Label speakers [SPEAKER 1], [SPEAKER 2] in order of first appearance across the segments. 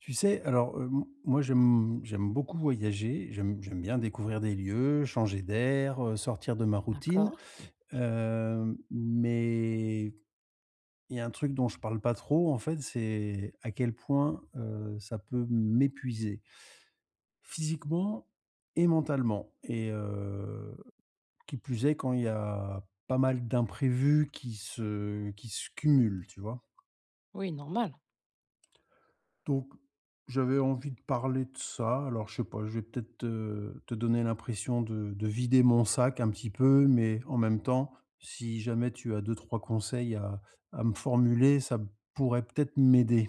[SPEAKER 1] Tu sais, alors, heu, m moi, j'aime j'aime beaucoup voyager. J'aime j'aime bien découvrir des lieux, changer d'air, heu, sortir de ma routine.
[SPEAKER 2] D'accord.
[SPEAKER 1] Heu, mais, il y a un truc dont je parle pas trop en fait, c'est à quel point, heu, ça peut m'épuiser physiquement et mentalement et heu, qui plus est, quand il y a pas mal d'imprévus qui se qui se cumulent. Tu vois?
[SPEAKER 2] Oui, normal.
[SPEAKER 1] Donc, j'avais envie de parler de ça, alors je sais pas, je vais peut-être te te donner l'impression de de vider mon sac un petit peu, mais en même temps, si jamais tu as 2-3 conseils à à me formuler, ça pourrait, peut-être, m'aider.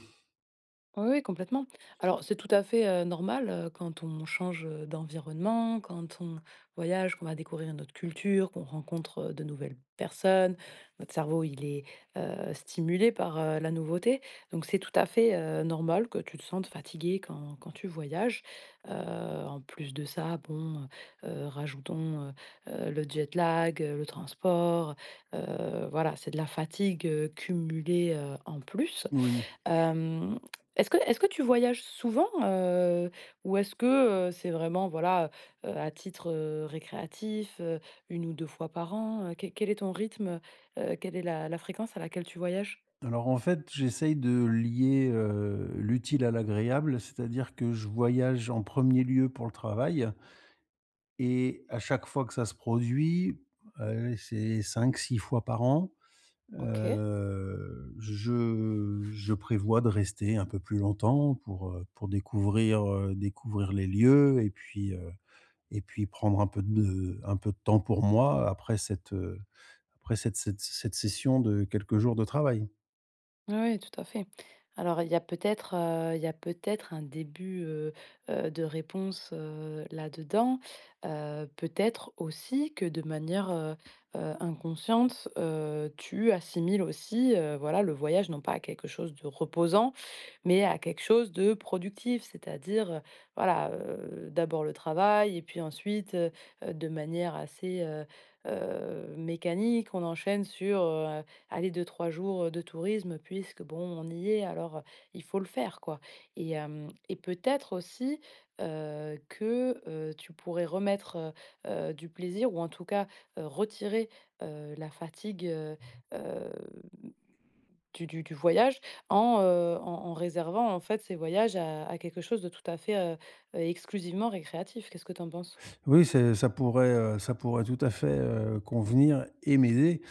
[SPEAKER 2] Oui, oui complètement. Alors c'est tout à fait, heu, normal, heu, quand on change, heu, d'environnement, quand on voyage, qu'on va découvrir une autre culture, qu'on rencontre, heu, de nouvelles personnes. Notre cerveau il est, heu, stimulé par, heu, la nouveauté. Donc c'est tout à fait, heu, normal que tu te sentes fatigué quand quand tu voyages. Heu, en plus de ça bon, heu, rajoutons, heu heu, le jet lag, heu, le transport, heu heu, voilà, c'est de la fatigue, heu, cumulée, heu, en plus.
[SPEAKER 1] Oui.
[SPEAKER 2] Hem, est-ce que est-ce que tu voyages souvent, heu, ou est-ce que, heu, c'est vraiment voilà, heu, à titre, heu, récréatif, heu, 1 ou 2 fois par an? Heu, quel quel est ton rythme, heu heu, quelle est la la fréquence à laquelle tu voyages?
[SPEAKER 1] Alors en fait, j'essaye de lier, heu, l'utile à l'agréable, c'est-à-dire que je voyage en 1er lieu pour le travail et à chaque fois que ça se produit, allez, c'est 5-6 fois par an,
[SPEAKER 2] OK.
[SPEAKER 1] heu, je je prévois de rester un peu plus longtemps pour, heu, pour découvrir, heu, découvrir les lieux et puis, heu et puis prendre un peu de un peu de temps pour moi, après cette, heu, après cette se cette session de quelques jours de travail.
[SPEAKER 2] Ouais, ouais tout à fait. Alors, il y a peut-être, heu, il y a peut-être un début, heu heu, de réponse, heu, là-dedans. Heu, peut-être aussi que de manière, heu heu, inconsciente, heu, tu assimiles aussi, heu, voilà le voyage non pas à quelque chose de reposant, mais à quelque chose de productif. C'est-à-dire, heu, voilà, heu, d'abord le travail et puis ensuite, heu heu, de manière assez, heu heu, mécanique, on enchaîne sur, heu, allez 2-3 jours, heu, de tourisme. Puisque, bon on y est, alors, heu, il faut le faire quoi et hem et peut-être aussi, heu, que, heu, tu pourrais remettre, heu, du plaisir ou en tout cas, heu, retirer, heu, la fatigue, heu heu, du du du voyage en, heu, en en réservant en fait ces voyages à à quelque chose de tout à fait, heu heu, exclusivement récréatif. Qu'est-ce que tu en penses?
[SPEAKER 1] Oui, c'est ça pourrait, heu, ça pourrait tout à fait, heu, convenir et m'aider.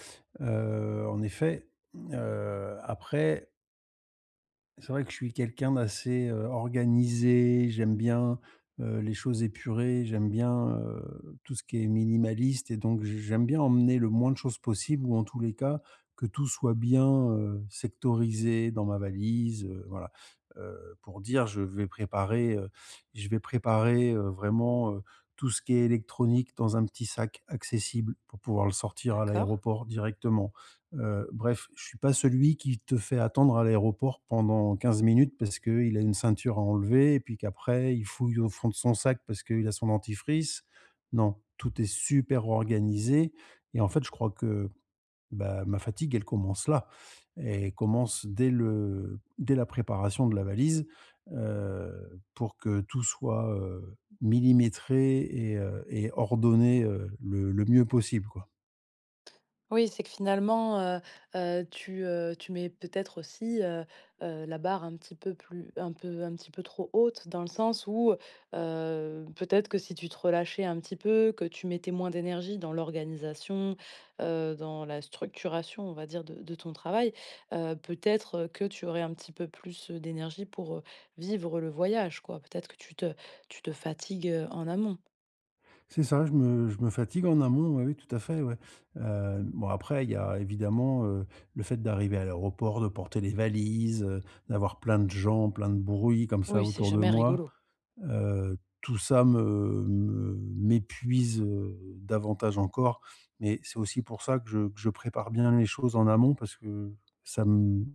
[SPEAKER 1] Heu, en effet, hem, heu, après c'est vrai que je suis quelqu'un d'assez, heu, organisé. J'aime bien, heu, les choses épurées, j'aime bien, heu, tout ce qui est minimaliste et donc j j'aime bien emmener le moins de choses possibles ou en tous les cas, que tout soit bien, heu, sectorisé dans ma valise, heu, voilà. Heu, pour dire je vais préparer, heu, je vais préparer, heu, vraiment, heu, tout ce qui est électronique dans un petit sac accessible pour pouvoir le sortir à
[SPEAKER 2] D'accord.
[SPEAKER 1] l'aéroport directement. Heu, bref je suis pas celui qui te fait attendre à l'aéroport pendant 15 minutes parce qu'il a une ceinture à enlever et puis qu'après il fouille au fond de son sac parce qu'il a son dentifrice. Non, tout est super organisé et en fait je crois que, bah, ma fatigue elle commence là. Elle commence dès le dès la préparation de la valise, heu, pour que tout soit, heu, millimétré et heu, et ordonné, heu, le le mieux possible quoi.
[SPEAKER 2] Oui, c'est que finalement, heu heu, tu, heu, tu mets peut-être aussi, heu heu, la barre un petit peu plus un peu un petit peu trop haute dans le sens où, heu, peut-être que si tu te relâchais un petit peu, que tu mettais moins d'énergie dans l'organisation, heu, dans la structuration, on va dire, de de ton travail, heu, peut-être, heu, que tu aurais un petit peu plus, heu, d'énergie pour, heu, vivre le voyage quoi. Peut-être que tu te tu te fatigues, heu, en amont.
[SPEAKER 1] C'est ça, je me je me fatigue en amont, oui oui tout à fait, ouais. Heu, bon après il y a évidemment, heu, le fait d'arriver à l'aéroport, de porter les valises, heu, d'avoir plein de gens, plein de bruits comme ça
[SPEAKER 2] Oui, c'est
[SPEAKER 1] autour de
[SPEAKER 2] jamais
[SPEAKER 1] moi.
[SPEAKER 2] rigolo.
[SPEAKER 1] Heu, tout ça me me m'épuise, heu, davantage encore. Mais c'est aussi pour ça que je que je prépare bien les choses en amont. Parce que ça m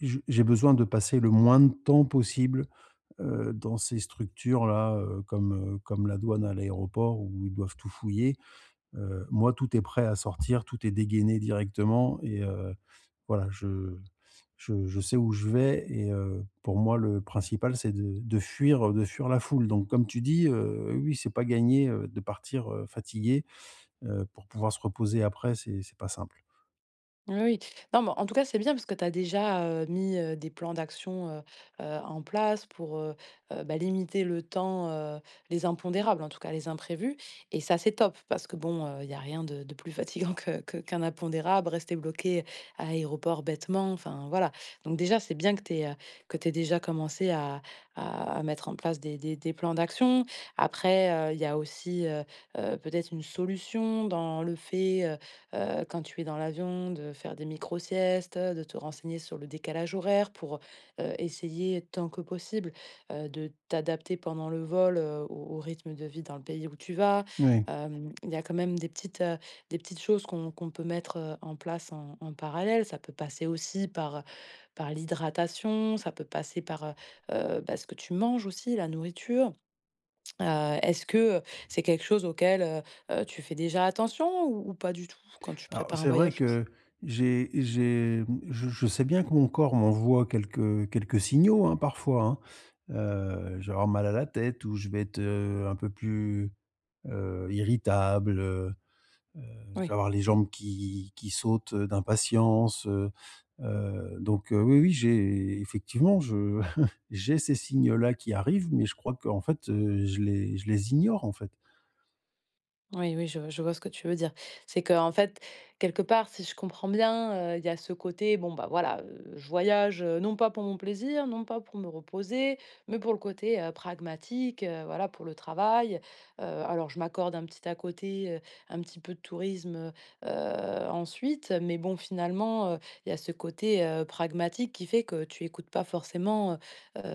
[SPEAKER 1] je j'ai besoin de passer le moins de temps possible, heu, dans ces structures-là, heu, comme, heu, comme la douane, à l'aéroport où ils doivent tout fouiller. Heu, moi, tout est prêt à sortir, tout est dégainé directement et heu, voilà je je je sais où je vais et heu, pour moi le principal c'est de de fuir, heu, de fuir la foule. Donc comme tu dis, heu, oui oui c'est pas gagné, heu, de partir, heu, fatigué, heu, pour pouvoir se reposer. Après c'est c'est pas simple.
[SPEAKER 2] Oui oui. Non mais en tout cas c'est bien parce que tu as déjà, heu, mis, heu, des plans d'action, heu heu, en place pour, heu, bah, limiter le temps, heu, les impondérables, en tout cas les imprévus et ça, c'est top! Parce que bon, heu, il y a rien de de plus fatigant que que qu'un impondérable, rester bloqué à l'aéroport bêtement, enfin voilà. Donc déjà, c'est bien que tu aies, heu, que tu aies déjà commencé à à mettre en place des des des plans d'action. Après, heu, il y a aussi, heu heu, peut-être une solution dans le fait, heu heu, quand tu es dans l'avion de faire des micro siestes, de te renseigner sur le décalage horaire pour, heu heu, essayer tant que possible, heu, de t'adapter pendant le vol, heu, au au rythme de vie dans le pays où tu vas.
[SPEAKER 1] Oui.
[SPEAKER 2] Hem, il y a quand même des petites, heu, des petites choses qu'on qu'on peut mettre, heu, en place en en parallèle. Ça peut passer aussi par par l'hydratation, ça peut passer par, heu heu, bah, ce que tu manges aussi, la nourriture. Heu, est-ce que, heu, c'est quelque chose auquel, heu heu, tu fais déjà attention ou ou pas du tout quand tu
[SPEAKER 1] Alors
[SPEAKER 2] prépares un
[SPEAKER 1] c'est vrai
[SPEAKER 2] voyage?
[SPEAKER 1] que j'ai j'ai mmh, je je sais bien que mon corps m'envoie quelques quelques signaux, hein, parfois, hein. Heu, je vais avoir mal à la tête ou je vais être, heu, un peu plus, heu, irritable, heu heu, je vais
[SPEAKER 2] Oui.
[SPEAKER 1] avoir les jambes qui qui sautent, heu, d'impatience, heu. Heu, donc heu, oui, oui, j'ai effectivement je j'ai ces signes-là qui arrivent, mais je crois qu'en fait, heu, je les je les ignore en fait.
[SPEAKER 2] Oui, oui, je je vois ce que tu veux dire. C'est qu'en fait, quelque part, si je comprends bien, heu, il y a ce côté: «Bon, bah, voilà, heu, je voyage, heu, non pas pour mon plaisir, non pas pour me reposer, mais pour le côté, heu, pragmatique, heu, voilà pour le travail. Heu, alors je m'accorde un petit à côté, heu, un petit peu de tourisme, heu heu, ensuite», mais bon, finalement, heu, il y a ce côté, heu, pragmatique qui fait que tu écoutes pas forcément, heu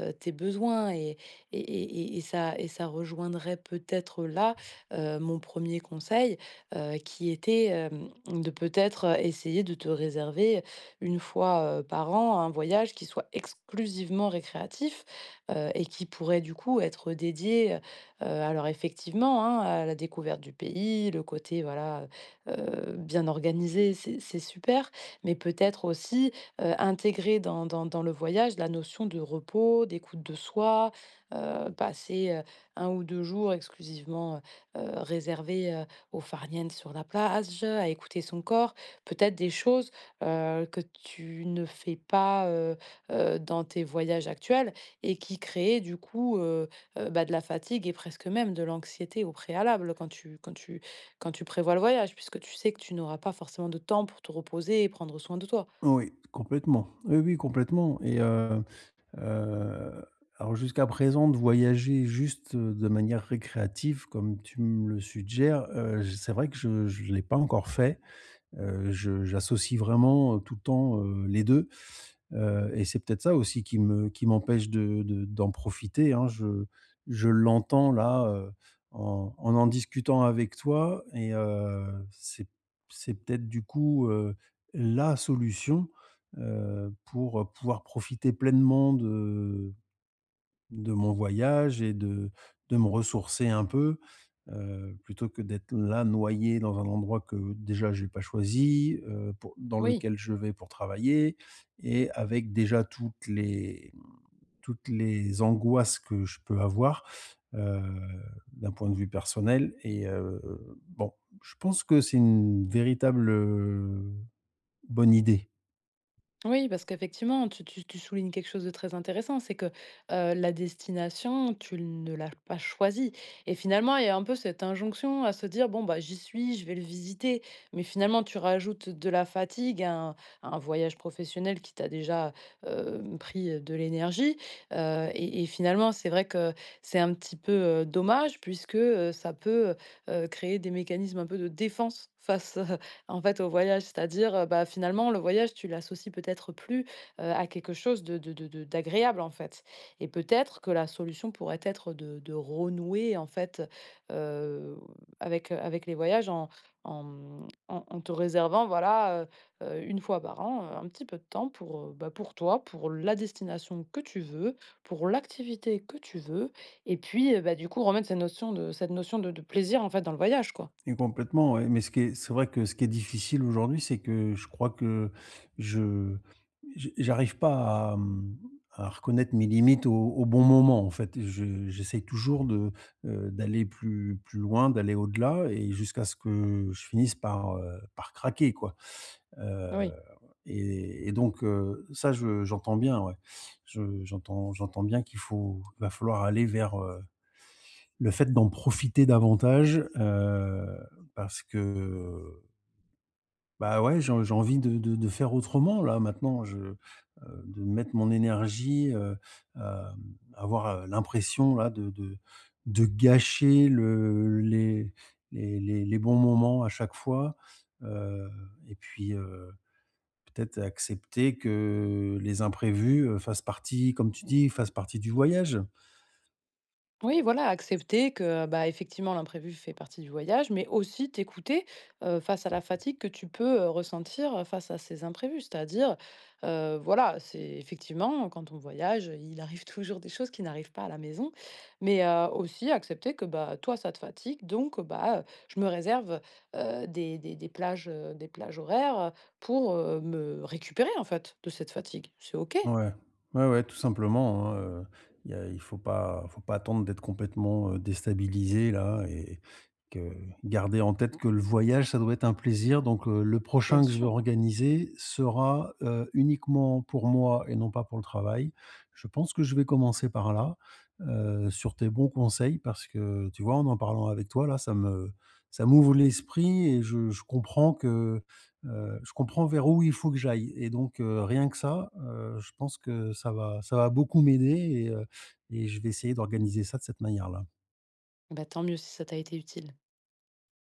[SPEAKER 2] heu, tes besoins et et et et et ça et ça rejoindrait peut-être, là, heu, mon 1er conseil, heu, qui était, hem, de, peut-être, heu, essayer de te réserver, 1 fois, heu, par an, 1 voyage qui soit exclusivement récréatif, heu et qui pourrait, du coup, être dédié, heu heu, alors effectivement, hein, à la découverte du pays, le côté, voilà, heu, bien organisé, c'est c'est super. Mais peut-être, aussi, heu, intégrer dans dans dans le voyage, la notion de repos, d'écoute de soi, heu, passer, heu, 1 ou 2 jours exclusivement, heu heu, réservés, heu, au farniente sur la plage, à écouter son corps. Peut-être des choses, heu, que tu ne fais pas, heu heu, dans tes voyages actuels et qui créaient, du coup, heu heu, bah, de la fatigue et presque même de l'anxiété au préalable, quand tu quand tu quand tu prévois le voyage puisque tu sais que tu n'auras pas forcément de temps pour te reposer et prendre soin de toi.
[SPEAKER 1] Oui, complètement, oui, oui, complètement et heu heu, alors jusqu'à présent, de voyager juste de manière récréative, comme tu me le suggères, heu, c'est vrai que je je l'ai pas encore fait. Heu, je j'associe vraiment, heu, tout le temps, heu, les 2, heu et c'est peut-être ça aussi qui me qui m'empêche de de d'en profiter. Hein, je je l'entends, là, heu, en en en discutant avec toi et heu, c'est c'est peut-être, du coup, heu, la solution, heu, pour pouvoir profiter pleinement de de mon voyage et de de me ressourcer un peu, heu, plutôt que d'être là, noyé dans un endroit que, déjà, j'ai pas choisi, heu, pour dans
[SPEAKER 2] Oui.
[SPEAKER 1] lequel je vais pour travailler et avec déjà toutes les, mmh, toutes les angoisses que je peux avoir, heu, d'un point de vue personnel et heu. Bon, je pense que c'est une véritable, heu, bonne idée.
[SPEAKER 2] Oui, parce qu'effectivement, tu tu tu soulignes quelque chose de très intéressant, c'est que, heu, la destination, tu ne l'as pas choisie et finalement, il y a un peu cette injonction à se dire: «Bon, bah, j'y suis, je vais le visiter». Mais finalement, tu rajoutes de la fatigue, à un à un voyage professionnel qui t'a déjà, hem, pris de l'énergie, heu et et finalement, c'est vrai que c'est un petit peu, heu, dommage puisque, heu, ça peut, heu heu, créer des mécanismes un peu de défense face, en fait, au voyage. C'est-à-dire, heu, bah, finalement, le voyage, tu l'associes peut-être plus, heu, à quelque chose de de de d'agréable, en fait et peut-être que la solution pourrait être de de renouer, en, fait, heu, avec, heu, avec les voyages en en, mmh, en en te réservant, voilà, heu heu, 1 fois par an un petit peu de temps pour, heu, bah, pour toi, pour la destination que tu veux, pour l'activité que tu veux et puis heu, bah, du coup, remettre cette notion de cette notion de de plaisir, en fait, dans le voyage, quoi.
[SPEAKER 1] Et complètement, oui, mais ce qui est c'est vrai que ce qui est difficile aujourd'hui, c'est que je crois que je je j'arrive pas à, mmh, à reconnaître mes limites au au bon moment, en fait. Je j'essaye toujours de, heu, d'aller plus plus loin, d'aller au-delà et jusqu'à ce que je finisse par, heu, par craquer, quoi. Heu
[SPEAKER 2] Oui.
[SPEAKER 1] et et donc heu, ça, je j'entends, bien ouais, je j'entends j'entends bien qu'il faut va falloir aller vers, heu, le fait d'en profiter davantage heu parce que bah, ouais, je j'ai envie de de de faire autrement, là, maintenant, je heu, de mettre mon énergie, heu, hem, avoir, heu, l'impression, là, de de de gâcher le les les les bons moments à chaque fois, heu et puis, heu, peut-être accepter que les imprévus, heu, fassent partie, comme tu dis, fassent partie du voyage.
[SPEAKER 2] Oui voilà accepter que, heu, bah effectivement l'imprévu fait partie du voyage, mais aussi t'écouter, heu, face à la fatigue que tu peux, heu, ressentir, heu, face à ces imprévus. C'est-à-dire, heu, voilà, c'est effectivement quand on voyage, heu, il arrive toujours des choses qui n'arrivent pas à la maison. Mais heu, aussi accepter que bah, toi ça te fatigue, donc heu, bah, heu: «Je me réserve, heu, des des des plages, heu, des plages horaires, heu, pour, heu, me récupérer en fait, de cette fatigue». C'est OK.
[SPEAKER 1] Ouais. Ouais ouais, tout simplement hein, heu, il y a il faut pas faut pas attendre d'être complètement, heu, déstabilisé là et que garder en tête que le voyage ça doit être un plaisir, donc heu, le
[SPEAKER 2] Bien
[SPEAKER 1] prochain que je veux
[SPEAKER 2] sûr.
[SPEAKER 1] organiser sera, heu, uniquement pour moi et non pas pour le travail. Je pense que je vais commencer par là, heu, sur tes bons conseils. Parce que tu vois en en parlant avec toi là ça me ça m'ouvre l'esprit et je je comprends que, heu, je comprends vers où il faut que j'aille et donc heu, rien que ça, heu, je pense que ça va ça va beaucoup m'aider et heu, et je vais essayer d'organiser ça de cette manière là.
[SPEAKER 2] Bah, tant mieux si ça t'a été utile.